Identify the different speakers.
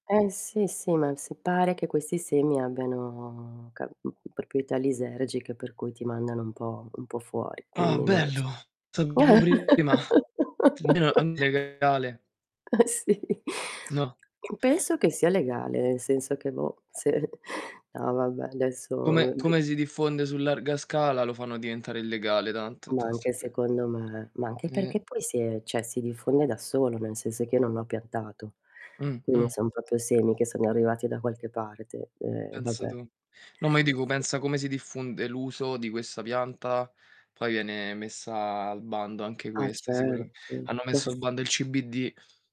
Speaker 1: Eh sì, sì, ma sì, pare che questi semi abbiano ca mhmm, proprietà lisergiche per cui ti mandano un po' un po' fuori,
Speaker 2: Ah,
Speaker 1: quindi non lo so.
Speaker 2: bello! Saperlo prima. Almeno sapevo che era legale.
Speaker 1: Eh, sì.
Speaker 2: No.
Speaker 1: Penso che sia legale, nel senso che boh, se no, vabbè, adesso
Speaker 2: Come come si
Speaker 1: [unintelligible]
Speaker 2: diffonde su larga scala, lo fanno diventare illegale tanto,
Speaker 1: Ma,
Speaker 2: tan è
Speaker 1: anche
Speaker 2: sempre
Speaker 1: secondo me, ma anche
Speaker 2: Eh.
Speaker 1: perché poi si è cioè si diffonde da solo, nel senso che io non l'ho piantato,
Speaker 2: Mh.
Speaker 1: quindi non
Speaker 2: Mh.
Speaker 1: son proprio semi che sono arrivati da qualche parte, e
Speaker 2: Pensa
Speaker 1: vabbè.
Speaker 2: tu. No, ma io dico,
Speaker 1: Sì.
Speaker 2: pensa come si diffonde l'uso di questa pianta, poi viene messa a al bando anche
Speaker 1: Ah,
Speaker 2: questa, sicurame
Speaker 1: certo.
Speaker 2: hanno
Speaker 1: Ma
Speaker 2: messo
Speaker 1: s
Speaker 2: al bando il CBD!